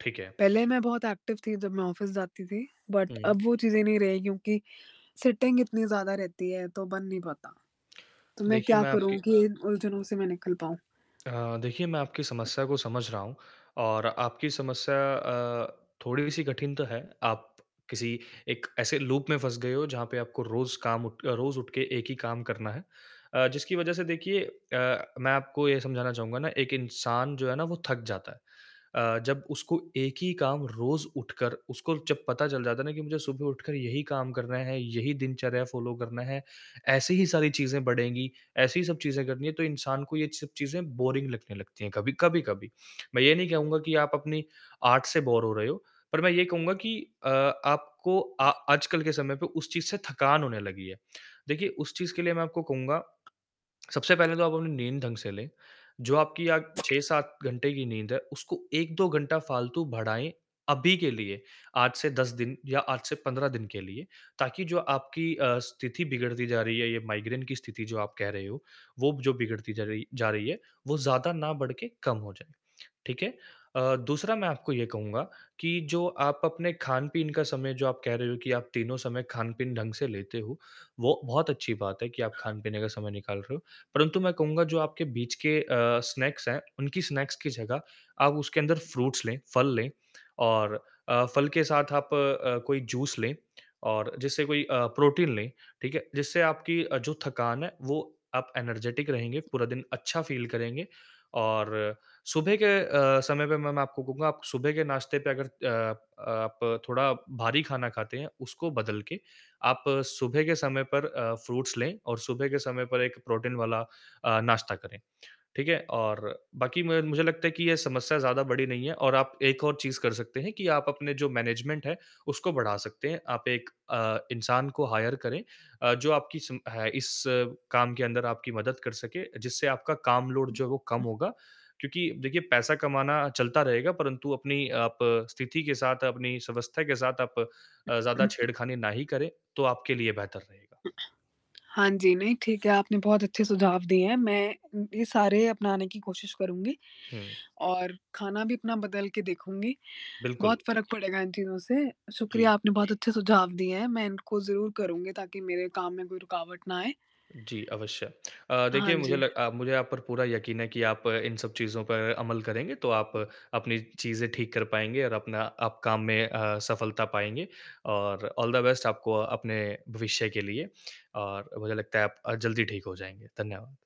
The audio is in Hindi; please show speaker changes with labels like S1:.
S1: ठीक है।
S2: पहले मैं बहुत एक्टिव थी जब मैं ऑफ़िस जाती थी बट
S1: हुँ।
S2: अब वो चीज़ें नहीं रही क्योंकि सिटिंग इतनी ज़्यादा रहती है तो बन नहीं पाता, तो मैं
S1: देखिये
S2: क्या
S1: मैं आपकी
S2: करूँ कि इन उलझनों से मैं निकल पाऊँ?
S1: अ, देखिए मैं आपकी समस्या को समझ रहा हूँ और आपकी समस्या अ, थोड़ी-सी कठिन तो है आप किसी एक एसे लूप में फँस गए हो जहाँ पे आपको रोज़ काम उठ क रोज़ उठ के एक ही काम करना है अ, जिसकी वज़ह से देखिए अ, मैं आपको ये समझाना चाहूँगा ना एक इंसान जो है ना वो थक जाता है। अ, जब उसको एक ही काम रोज़ उठकर उसको जब पता चल जाता है ना कि मुझे सुबह उठकर यही काम करना है, यही दिनचर्या फ़ॉलो करना है, ऐसी ही सारी चीज़ें बढ़ेगी, ऐसी ही सब चीज़े करनी है तो इंसान को ये सब चीज़ें बोरिंग लगने लगती हैं कभी कभी-कभी। मैं ये नहीं कहूँगा कि आप अपनी आर्ट से बोर हो रहे हो पर मैं ये कहूँगा कि अ, आपको अ, आजकल के समय पे उस चीज़ से थकान होने लगी है। देखिए उस चीज़ के लिए मैं आपको कहूँगा सबसे पहले तो आप अपनी नींद ढंग से ले जो आपकी अ, 6-7 घंटे की नींद है उसको 1-2 घंटा फालतू बढाएँ अभी के लिए आज से 10 दिन या आज से 15 दिन के लिए ताकि जो आपकी अ, स्थिति बिगड़ती जा रही है ये माइग्रेन की स्थिति जो आप कह रहे हो, वो जो बिगड़ती जा रही जा रही है, वो ज़्यादा ना बड़ के कम हो जाए, ठीक है? अ, दूसरा मैं आपको ये कहूँगा कि जो आप अपने खान-पीन का समय जो आप कह रहे हो कि आप तीनों समय खान-पीन ढंग से लेते हो, वो बहुत अच्छी बात है कि आप खाने-पीने का समय निकाल रहे हो परन्तु मैं कहूँगा जो आपके बीच के अ, स्नैक्स हैं, उनकी स्नैक्स की जगह आप उसके अंदर फ्रूट्स लें फल लें और अ, फल के साथ आप अ, कोई जूस ले और जैसे कोई अ, प्रोटीन ले, ठीक है? जिससे आपकी अ, जो थकान है वो आप एनर्जेटिक रहेंगे, पूरा दिन अच्छा फ़ील करेंगे, और सुबह के अ, समय पे मैं आपको कहूँगा आप सुबह के नाश्ते पे अगर अ आप आप थोड़ा भारी खाना खाते हैं उसको बदल के आप सुबह के समय पर अ, फ्रूट्स लें और सुबह के समय पर एक प्रोटीन वाला अ, नाश्ता करें, ठीक है? और बाकी म मुझे लगता है कि ये समस्या ज़्यादा बड़ी नहीं है और आप एक और चीज़ कर सकते हैं कि आप अपने जो मैनेजमेंट है उसको बढ़ा सकते हैं आप 1 अ, इंसान को हायर करें अ, जो आपकी सिम है इस काम के अंदर आपकी मदद कर सके जिससे आपका काम लोड जो है वो कम
S2: [unintelligible]
S1: होगा, क्योंकि देखिए पैसा कमाना चलता रहेगा परंतु अपनी आप स्थिति के साथ अपनी इस अवस्था के साथ आप अ, ज़्यादा
S2: [unintelligible]
S1: छेड़खानी ना ही करें तो आपके लिए बेहतर रहेगा।
S2: हाँ जी, नहीं ठीक है आपने बहुत अच्छे सुझाव दिए हैं मैं ये सारे अपनाने की कोशिश करुँगी
S1: हुँ।
S2: और खाना भी अपना बदल के देखूँगी,
S1: बिल्कुल।
S2: बहुत फ़र्क पड़ेगा इन चीज़ों से शुक्रिया
S1: जी।
S2: आपने बहुत अच्छे सुझाव दिए हैं। मैं इनको ज़रूर करुँगी ताकि मेरे काम में कोई रुकावट ना आए।
S1: जी, अवश्य। अ,
S2: हाँ
S1: देखिए मुझे
S2: जी।
S1: लग अ, मुझे आप पर पूरा यकीन है कि आप इन सब चीज़ों पर अमल करेंगे तो आप अपनी चीज़े ठीक कर पाएँगे और अपना आप काम में अ, सफलता पाएँगे और ऑल द बेस्ट आपको अपने भविष्य के लिए और मुझे लगता है आप जल्दी ठीक हो जाएँगे। धन्यवाद।